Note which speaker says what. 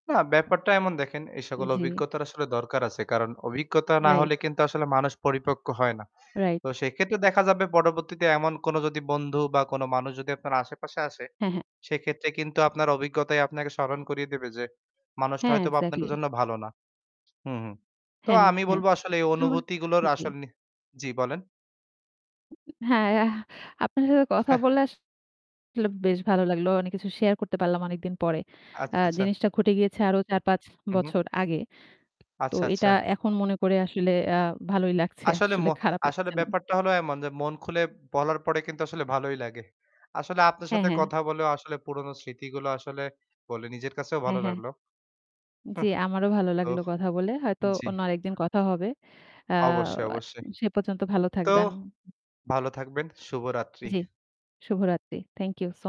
Speaker 1: না, ব্যাপারটা এমন দেখেন, এই সকল
Speaker 2: জি।
Speaker 1: অভিজ্ঞতার আসলে দরকার আছে। কারণ অভিজ্ঞতা না
Speaker 2: রাইট।
Speaker 1: হলে কিন্তু আসলে মানুষ পরিপক্ক হয় না।
Speaker 2: রাইট।
Speaker 1: তো সেক্ষেত্রে দেখা যাবে পরবর্তীতে এমন কোন যদি বন্ধু বা কোন মানুষ যদি আপনার আশেপাশে আসে
Speaker 2: হ্যাঁ, হ্যাঁ।
Speaker 1: সেক্ষেত্রে কিন্তু আপনার অভিজ্ঞতাই আপনাকে স্মরণ করিয়ে দেবে যে মানুষটা
Speaker 2: হ্যাঁ,
Speaker 1: হয়তোবা আপনার
Speaker 2: exactly.
Speaker 1: জন্য ভালো না। হুম, হুম। তো
Speaker 2: হ্যাঁ,
Speaker 1: আমি
Speaker 2: হ্যাঁ
Speaker 1: বলব আসলে এই
Speaker 2: উম মা
Speaker 1: অনুভূতিগুলোর
Speaker 2: জি।
Speaker 1: আসল নে জি বলেন।
Speaker 2: হ্যাঁ, আপনার সাথে কথা বলা আসলে বেশ ভালো লাগলো। অনেক কিছু share করতে পারলাম অনেকদিন পরে। আ
Speaker 1: আচ্ছা, আচ্ছা।
Speaker 2: জিনিসটা ঘটে গিয়েছে আরও ৪-৫
Speaker 1: হুম, হুম।
Speaker 2: বছর আগে। তো
Speaker 1: আচ্ছা,
Speaker 2: এটা
Speaker 1: আচ্ছা।
Speaker 2: এখন মনে করে আসলে আ ভালোই লাগছে,
Speaker 1: আসলে ম
Speaker 2: আসলে খারাপ
Speaker 1: আসলে
Speaker 2: লাগছে না।
Speaker 1: ব্যাপারটা হলো এমন যে মন খুলে বলার পরে কিন্তু আসলে ভালোই লাগে। আসলে আপনার
Speaker 2: হ্যাঁ,
Speaker 1: সাথে
Speaker 2: হ্যাঁ।
Speaker 1: কথা বলেও আসলে পুরনো স্মৃতিগুলো আসলে বলে নিজের কাছেও ভালো
Speaker 2: হ্যাঁ, হ্যাঁ।
Speaker 1: লাগলো।
Speaker 2: জি, আমারও ভালো
Speaker 1: তো
Speaker 2: লাগলো কথা বলে। হয়তো
Speaker 1: জি।
Speaker 2: অন্য আরেকদিন কথা হবে। আ
Speaker 1: অবশ্যই, অবশ্যই।
Speaker 2: সে পর্যন্ত ভালো
Speaker 1: তো
Speaker 2: থাকবেন।
Speaker 1: ভালো থাকবেন। শুভ রাত্রি।
Speaker 2: জি, শুভরাত্রি। Thank you so